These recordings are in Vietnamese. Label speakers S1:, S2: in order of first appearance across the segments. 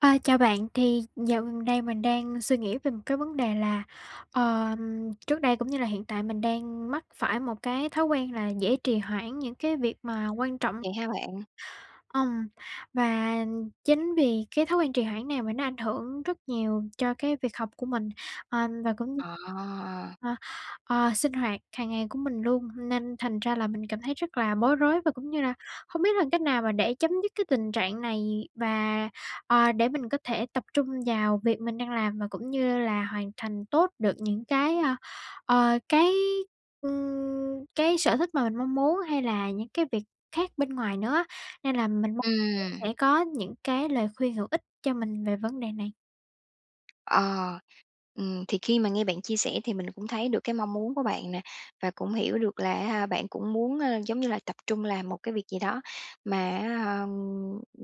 S1: À, chào bạn, thì dạo gần đây mình đang suy nghĩ về một cái vấn đề là, ờm, trước đây cũng như là hiện tại mình đang mắc phải một cái thói quen là dễ trì hoãn những cái việc mà quan trọng.
S2: Vậy hả bạn?
S1: Ùm, và chính vì cái thói quen trì hoãn này mà nó ảnh hưởng rất nhiều cho cái việc học của mình, ờ, và cũng như,
S2: À!
S1: ờ, ờ sinh hoạt hàng ngày của mình luôn. Nên thành ra là mình cảm thấy rất là bối rối, và cũng như là hông biết là cách nào mà để chấm dứt cái tình trạng này. Và, à, để mình có thể tập trung vào việc mình đang làm, và cũng như là hoàn thành tốt được những cái, ơ, ờ, cái, ừm, cái sở thích mà mình mong muốn, hay là những cái việc khác bên ngoài nữa á. Nên là mình mong muốn
S2: Ừm.
S1: sẽ có những cái lời khuyên hữu ích cho mình về vấn đề này.
S2: Ờ. Ừm, thì khi mà nghe bạn chia sẻ thì mình cũng thấy được cái mong muốn của bạn nè, và cũng hiểu được là á ha bạn cũng muốn, ờ, giống như là tập trung làm một cái việc gì đó mà, á, ờm,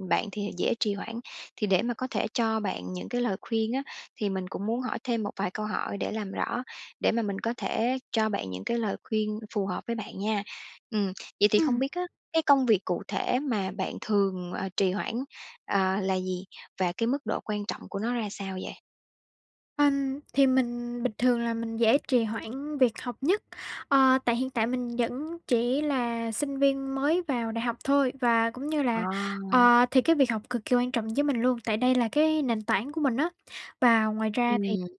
S2: bạn thì dễ trì hoãn. Thì để mà có thể cho bạn những cái lời khuyên á thì mình cũng muốn hỏi thêm một vài câu hỏi để làm rõ, để mà mình có thể cho bạn những cái lời khuyên phù hợp với bạn nha. Ừm, vậy thì không
S1: Ừm.
S2: biết á, cái công việc cụ thể mà bạn thường, ờ, trì hoãn, à, là gì? Và cái mức độ quan trọng của nó ra sao vậy?
S1: Ừm, thì mình bình thường là mình dễ trì hoãn việc học nhất. Ờ, tại hiện tại mình vẫn chỉ là sinh viên mới vào đại học thôi, và cũng như là,
S2: À!
S1: ờ, thì cái việc học cực kỳ quan trọng với mình luôn, tại đây là cái nền tảng của mình á. Và ngoài ra thì,
S2: Ừm.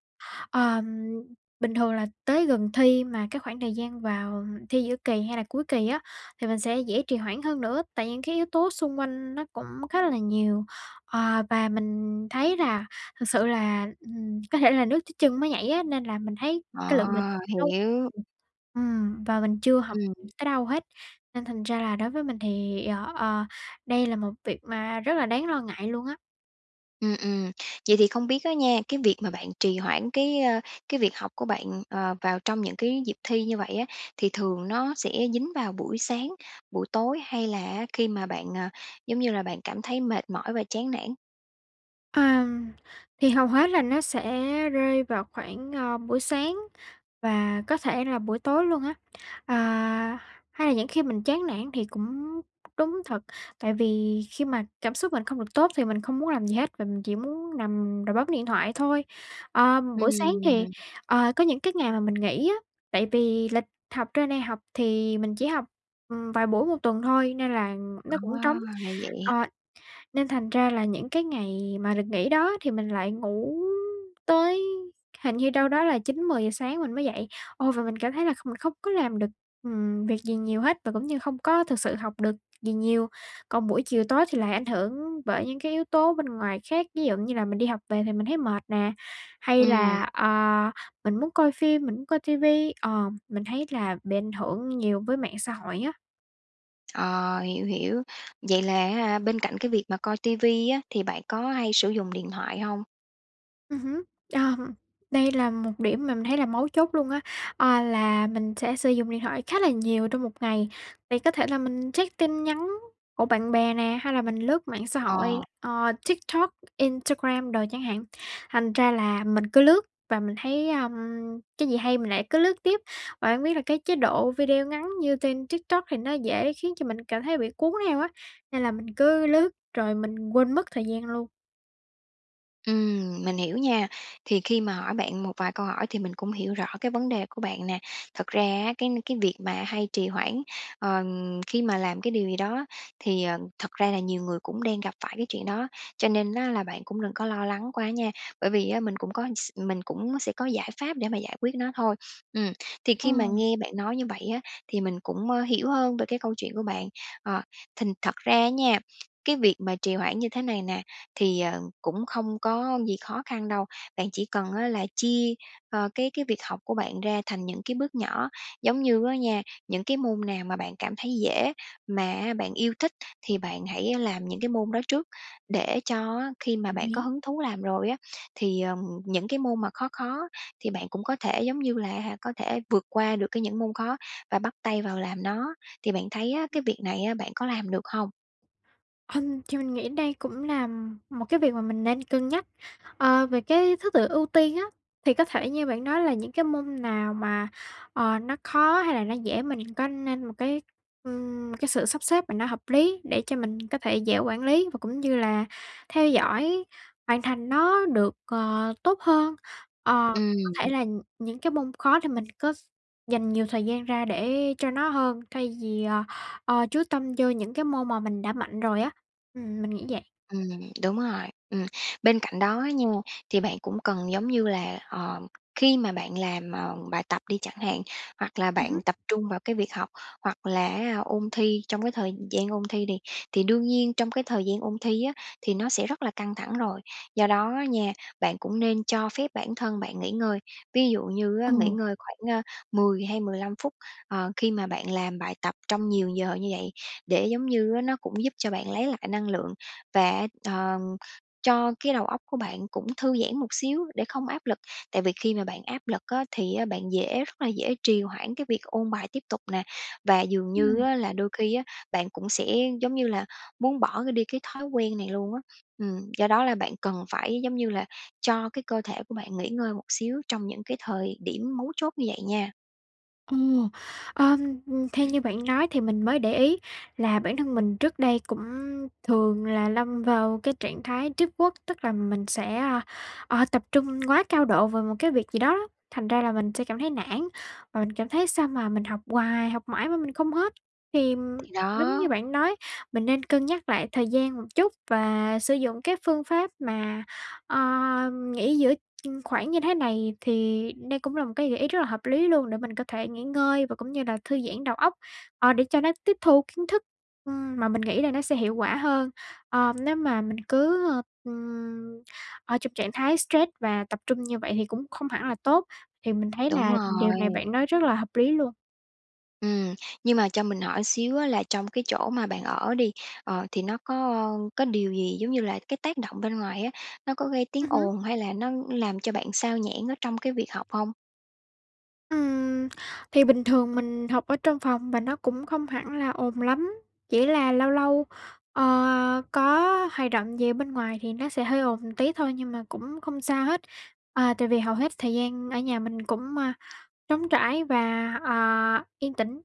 S1: ờ, bình thường là tới gần thi mà cái khoảng thời gian vào thi giữa kỳ hay là cuối kỳ á thì mình sẽ dễ trì hoãn hơn nữa. Tại những cái yếu tố xung quanh nó cũng khá là là nhiều. Ờ, và mình thấy là thực sự là, ừm, có thể là nước tới chân mới nhảy á, nên là mình thấy cái lượng mình tập
S2: À!
S1: trung
S2: Hiểu.
S1: [unintelligible] ừm, và mình chưa học
S2: Ừm.
S1: tới đâu hết. Nên thành ra là đối với mình thì, ờ, ờ, đây là một việc mà rất là đáng lo ngại luôn á.
S2: Ừm, ừm. Vậy thì không biết á nha, cái việc mà bạn trì hoãn cái, ơ, cái việc học của bạn, ờ, vào trong những cái dịp thi như vậy á thì thường nó sẽ dính vào buổi sáng, buổi tối hay là á khi mà bạn, à, giống như là, bạn cảm thấy mệt mỏi và chán nản?
S1: À, thì hầu hết là nó sẽ rơi vào khoảng, ờ, buổi sáng và có thể là buổi tối luôn á. Ờ, hay là những khi mình chán nản thì cũng đúng thật, tại vì khi mà cảm xúc mình không được tốt thì mình không muốn làm gì hết, và mình chỉ muốn nằm rồi bấm điện thoại thôi. Ờ, buổi sáng
S2: Ừm
S1: thì
S2: hưm.
S1: ờ, có những cái ngày mà mình nghỉ á, tại vì lịch học trên đây học thì mình chỉ học, ừm, vài buổi một tuần thôi nên là nó cũng
S2: À!
S1: trống.
S2: Ra vậy.
S1: Ờ, nên thành ra là những cái ngày mà được nghỉ đó thì mình lại ngủ tới hình như đâu đó là 9:00, 10:00 sáng mình mới dậy. Ô, và mình cảm thấy là không mình không có làm được, ừm, việc gì nhiều hết và cũng như không có thực sự học được gì nhiều. Còn buổi chiều tối thì lại ảnh hưởng bởi những cái yếu tố bên ngoài khác, ví dụ như là mình đi học về thì mình thấy mệt nè, hay
S2: Ừm.
S1: là, ờ, mình muốn coi phim, mình muốn coi ti vi, ờ, mình thấy là bị ảnh hưởng nhiều với mạng xã hội á.
S2: Ờ, hiểu, hiểu. Vậy là á ha bên cạnh cái việc mà coi ti vi á, thì bạn có hay sử dụng điện thoại hông?
S1: Ừm hứm, đây là một điểm mà mình thấy là mấu chốt luôn á, à, là mình sẽ sử dụng điện thoại khá là nhiều trong một ngày, thì có thể là mình check tin nhắn của bạn bè nè, hay là mình lướt mạng xã
S2: Ờ.
S1: hội, ờ, TikTok, Instagram đồ chẳng hạn, thành ra là mình cứ lướt và mình thấy, à, cái gì hay mình lại cứ lướt tiếp, và hông biết là cái chế độ video ngắn như trên TikTok thì nó dễ khiến cho mình cảm thấy là bị cuốn theo á, nên là mình cứ lướt rồi mình quên mất thời gian luôn.
S2: Ừm, mình hiểu nha, thì khi mà hỏi bạn một vài câu hỏi thì mình cũng hiểu rõ cái vấn đề của bạn nè. Thật ra á cái cái việc mà hay trì hoãn, ờ, khi mà làm cái điều gì đó thì, ờ, thật ra là nhiều người cũng đang gặp phải cái chuyện đó, cho nên á là bạn cũng đừng có lo lắng quá nha, bởi vì á mình cũng có s mình cũng sẽ có giải pháp để mà giải quyết nó thôi. Ừm, thì
S1: Ồ.
S2: khi mà nghe bạn nói như vậy á thì mình cũng, ơ, hiểu hơn về cái câu chuyện của bạn, ờ, thành thật ra á nha, cái việc mà trì hoãn như thế này nè, thì, ờ, cũng không có gì khó khăn đâu, bạn chỉ cần á là chia, ờ, cái cái việc học của bạn ra thành những cái bước nhỏ, giống như á nha, những cái môn nào mà bạn cảm thấy dễ mà á bạn yêu thích thì bạn hãy làm những cái môn đó trước, để cho á khi mà
S1: Đồng
S2: bạn có
S1: ý.
S2: hứng thú làm rồi á thì, ờ, những cái môn mà khó khó, thì bạn cũng có thể, giống như là á hả, có thể vượt qua được cái những môn khó và bắt tay vào làm nó. Thì bạn thấy á cái việc này á bạn có làm được không?
S1: Hừm, thì mình nghĩ đây cũng là một cái việc mà mình nên cân nhắc, à, về cái thứ tự ưu tiên á. Thì có thể như bạn nói là những cái môn nào mà, ờ, nó khó hay là nó dễ mình có nên một cái, ừm, cái sự sắp xếp mà nó hợp lý, để cho mình có thể dễ quản lý và cũng như là theo dõi hoàn thành nó được, ờ, tốt hơn. Ờ, cũng có thể
S2: Ừm.
S1: là những cái môn khó thì mình có s dành nhiều thời gian ra để cho nó hơn thay vì, ờ, ờ, chú tâm vô những cái môn mà mình đã mạnh rồi á, ừm, mình nghĩ vậy.
S2: Ừm, đúng rồi, ừm. Bên cạnh đó á nha, thì bạn cũng cần giống như là, ờm, khi mà bạn làm, ờ, bài tập đi chẳng hạn, hoặc là
S1: Ừm
S2: bạn
S1: hứm.
S2: tập trung vào cái việc học, hoặc là á ôn thi trong cái thời gian ôn thi đi thì thì đương nhiên trong cái thời gian ôn thi á, thì nó sẽ rất là căng thẳng rồi. Do đó á nha, bạn cũng nên cho phép bản thân bạn nghỉ ngơi. Ví dụ như
S1: Ờ.
S2: á nghỉ ngơi khoảng, a, 10 hay 15 phút, ờ, khi mà bạn làm bài tập trong nhiều giờ như vậy để giống như á nó cũng giúp cho bạn lấy lại năng lượng, và, á, ờm, cho cái đầu óc của bạn cũng thư giãn một xíu để không áp lực. Tại vì khi mà bạn áp lực á thì á bạn dễ rất là dễ trì hoãn cái việc ôn bài tiếp tục nè, và dường như
S1: Ừm.
S2: á là đôi khi á bạn cũng sẽ, giống như là, muốn bỏ cái đi cái thói quen này luôn á. Ừm, do đó là bạn cần phải, giống như là, cho cái cơ thể của bạn nghỉ ngơi một xíu trong những cái thời điểm mấu chốt như vậy nha.
S1: Ồ! Ờm, theo như bạn nói thì mình mới để ý là bản thân mình trước đây cũng thường là lâm vào cái trạng thái deep work, tức là mình sẽ, a, ờ, tập trung quá cao độ vào một cái việc gì đó á, thành ra là mình sẽ cảm thấy nản, và mình cảm thấy sao mà mình học hoài học mãi mà mình không hết. Thì
S2: Thì
S1: đúng
S2: đó.
S1: như bạn nói, mình nên cân nhắc lại thời gian một chút, và sử dụng các phương pháp mà, ơ, nghỉ giữa khoảng như thế này, thì đây cũng là một cái gợi ý rất là hợp lý luôn. Để mình có thể nghỉ ngơi và cũng như là thư giãn đầu óc, ờ, để cho nó tiếp thu kiến thức, ừm, mà mình nghĩ là nó sẽ hiệu quả hơn. Ờ, nếu mà mình cứ, ơ, ừm, ở trong trạng thái stress và tập trung như vậy thì cũng không hẳn là tốt. Thì mình thấy
S2: Đúng
S1: là điều này
S2: rồi.
S1: bạn nói rất là hợp lý luôn.
S2: Ừm, nhưng mà cho mình hỏi xíu á là trong cái chỗ mà bạn ở đi, ờ, thì nó có có điều gì, giống như là, cái tác động bên ngoài á, nó có gây tiếng
S1: Ừm hứm.
S2: ồn hay là nó làm cho bạn xao nhãng ở trong cái việc học hông?
S1: Ừm. Thì bình thường mình học ở trong phòng, và nó cũng không hẳn là ồn lắm. Chỉ là lâu lâu, ờ, à, có hoạt động gì ở bên ngoài thì nó sẽ hơi ồn tí thôi, nhưng mà cũng không sao hết. À, tại vì hầu hết thời gian ở nhà mình cũng, ơ, trống trải và, ờ, yên tĩnh.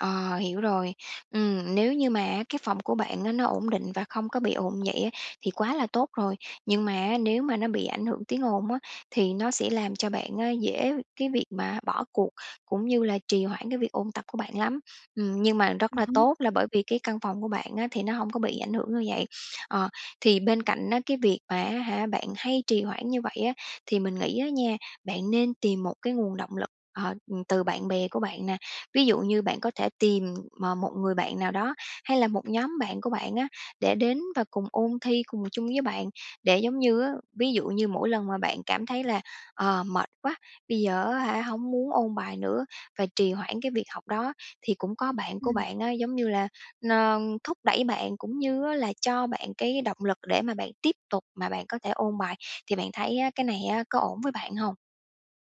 S2: Ờ, hiểu rồi. Ừm, nếu như mà á cái phòng của bạn á nó ổn định và không có bị ồn như vậy á thì quá là tốt rồi. Nhưng mà á, nếu mà nó bị ảnh hưởng tiếng ồn á thì nó sẽ làm cho bạn á dễ cái việc mà bỏ cuộc, cũng như là trì hoãn cái việc ôn tập của bạn lắm. Ừm, nhưng mà rất
S1: Ừm
S2: là
S1: hứm.
S2: tốt là bởi vì cái căn phòng của bạn á thì nó hông có bị ảnh hưởng như vậy. Ờ, thì bên cạnh á cái việc mà á hả bạn hay trì hoãn như vậy á, thì mình nghĩ á nha, bạn nên tìm một cái nguồn động lực, ờ, ừm, từ bạn bè của bạn nè. Ví dụ như bạn có thể tìm m một người bạn nào đó, hay là một nhóm bạn của bạn á, để đến và cùng ôn thi cùng chung với bạn. Để, giống như á, ví dụ như mỗi lần mà bạn cảm thấy là, ờ, mệt quá, bây giờ á hả hông muốn ôn bài nữa và trì hoãn cái việc học đó, thì cũng có bạn của
S1: Ừm.
S2: bạn á, giống như là, ơ, thúc đẩy bạn, cũng như á là cho bạn cái động lực để mà bạn tiếp tục mà bạn có thể ôn bài. Thì bạn thấy á, cái này á có ổn với bạn hông?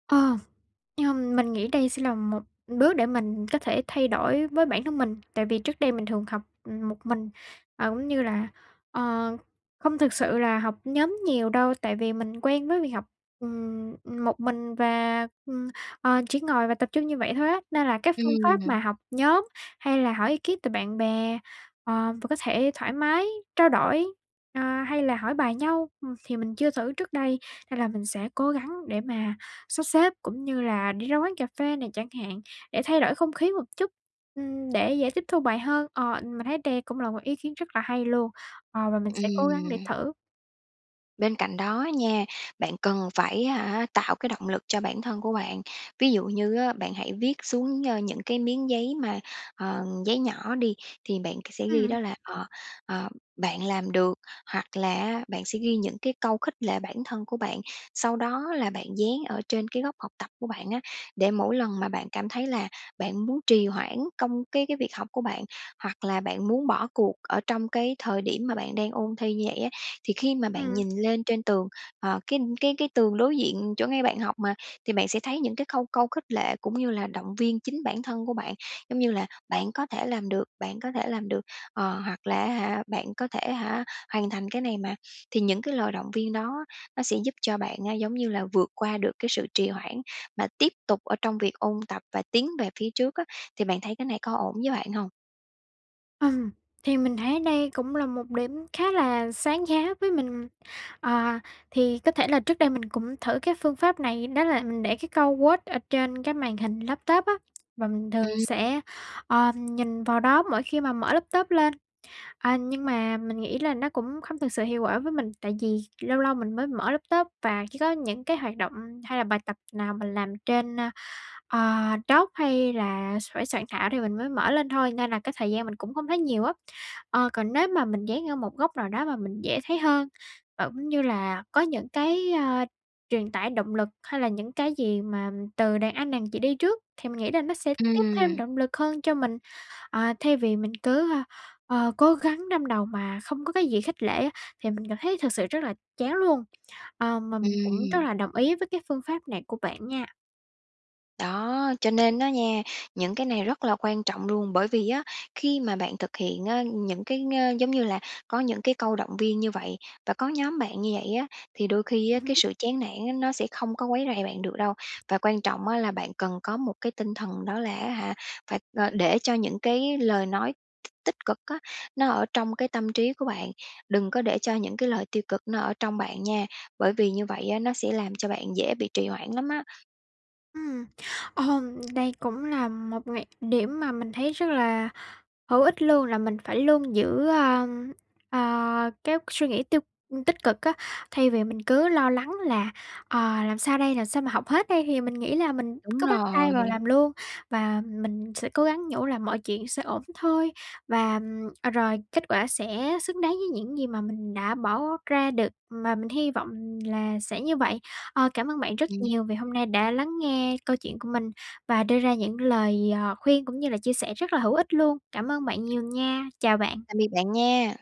S1: Ờ, ờm, mình nghĩ đây sẽ là một đước để mình có thể thay đổi với bản thân mình. Tại vì trước đây mình thường học một mình, ờ, cũng như là, ờ, không thực sự là học nhóm nhiều đâu, tại vì mình quen với việc học, ừm, một mình và, ừm, ờ, chỉ ngồi và tập trung như vậy thôi á. Nên là cái phương pháp
S2: Ừm.
S1: mà học nhóm hay là hỏi bí kíp từ bạn bè, ờ, và có thể thoải mái trao đổi, a, hay là hỏi bài nhau, ừm, thì mình chưa thử trước đây. Nên là mình sẽ cố gắng để mà sắp xếp cũng như là đi ra quán cà phê này chẳng hạn, để thay đổi không khí một chút, ừm, để dễ tiếp thu bài hơn. Ờ, mình thấy đây cũng là một ý kiến rất là hay luôn, ờ, và mình sẽ cố gắng để
S2: Ừm.
S1: thử.
S2: Bên cạnh đó á nha, bạn cần phải, á hả, tạo cái động lực cho bản thân của bạn. Ví dụ như á, bạn hãy viết xuống, ơ, những cái miếng giấy mà, ờ, giấy nhỏ đi, thì bạn k sẽ ghi
S1: Ừm.
S2: đó là, ờ, ờ, bạn làm được, hoặc là á bạn sẽ ghi những cái câu khích lệ bản thân của bạn, sau đó là bạn dán ở trên cái góc học tập của bạn á để mỗi lần mà bạn cảm thấy là bạn muốn trì hoãn công cái cái việc học của bạn, hoặc là bạn muốn bỏ cuộc ở trong cái thời điểm mà bạn đang ôn thi như vậy á, thì khi mà bạn
S1: Ừm.
S2: nhìn lên trên tường, ờ, cái cái cái tường đối diện chỗ ngay bạn học mà, thì bạn sẽ thấy những cái câu câu khích lệ cũng như là động viên chính bản thân của bạn, giống như là "Bạn có thể làm được, bạn có thể làm được", ờ, hoặc là á hả, bạn có thể, hả, hoàn thành cái này mà. Thì những cái lời động viên đó nó sẽ giúp cho bạn á, giống như là, vượt qua được cái sự trì hoãn mà tiếp tục ở trong việc ôn tập và tiến về phía trước á, thì bạn thấy cái này có ổn với bạn hông?
S1: Ừm, thì mình thấy đây cũng là một điểm khá là sáng giá với mình. Ờ, thì có thể là trước đây mình cũng thử cái phương pháp này, đó là mình để cái câu quote ở trên cái màn hình laptop á, và mình thường
S2: Ừm.
S1: sẽ, ờ, nhìn vào đó mỗi khi mà mở laptop lên. À, nhưng mà mình nghĩ là nó cũng không thực sự hiệu quả với mình, tại vì lâu lâu mình mới mở laptop và chỉ có những cái hoạt động hay là bài tập nào mình làm trên, ờ, Docs hay là s phải soạn thảo thì mình mới mở lên thôi, nên là cái thời gian mình cũng không thấy nhiều á. Ờ, còn nếu mà mình dán ở một góc nào đó mà mình dễ thấy hơn và cũng như là có những cái, ơ, truyền tải động lực, hay là những cái gì mà từ đàn anh đàn chị đi trước, thì mình nghĩ là nó sẽ tiếp thêm
S2: Ừm.
S1: động lực hơn cho mình, ờ, thay vì mình cứ, ờ, cố gắng đâm đầu mà không có cái gì khích lệ á thì mình cảm thấy thực sự rất là chán luôn, ờ, mà mình cũng rất
S2: Ừm.
S1: là đồng ý với cái phương pháp này của bạn nha.
S2: Đó, cho nên á nha, những cái này rất là quan trọng luôn, bởi vì á khi mà bạn thực hiện á những cái, ơ, giống như là, có những cái câu động viên như vậy, và có nhóm bạn như vậy á thì đôi khi
S1: Ừm
S2: á cái
S1: hứm.
S2: sự chán nản á, nó sẽ không có quấy rầy bạn được đâu. Và quan trọng á là bạn cần có một cái tinh thần đó là á hả, phải, ờ, để cho những cái lời nói tích cực á nó ở trong cái tâm trí của bạn. Đừng có để cho những cái lời tiêu cực nó ở trong bạn nha, bởi vì như vậy á, nó sẽ làm cho bạn dễ bị trì hoãn lắm á.
S1: Ừm. Ừm, đây cũng là một nghệ điểm mà mình thấy rất là hữu ích luôn, là mình phải luôn giữ, a, à, các suy nghĩ tiêu tích cực á. Thay vì mình cứ lo lắng là, ờ, làm sao đây? Làm sao mà học hết đây? Thì mình nghĩ là mình
S2: Đúng
S1: cứ bắt tay vào
S2: rồi.
S1: làm luôn và mình sẽ cố gắng nhủ là mọi chuyện sẽ ổn thôi. Và, ừm, à, rồi kết quả sẽ xứng đáng với những gì mà mình đã bỏ ra được mà mình hy vọng là sẽ như vậy. Ờ, cảm ơn bạn rất
S2: Ừm.
S1: nhiều vì hôm nay đã lắng nghe câu chuyện của mình và đưa ra những lời, ờ, khuyên cũng như là chia sẻ rất là hữu ích luôn. Cảm ơn bạn nhiều nha. Chào bạn.
S2: Tạm biệt bạn nha!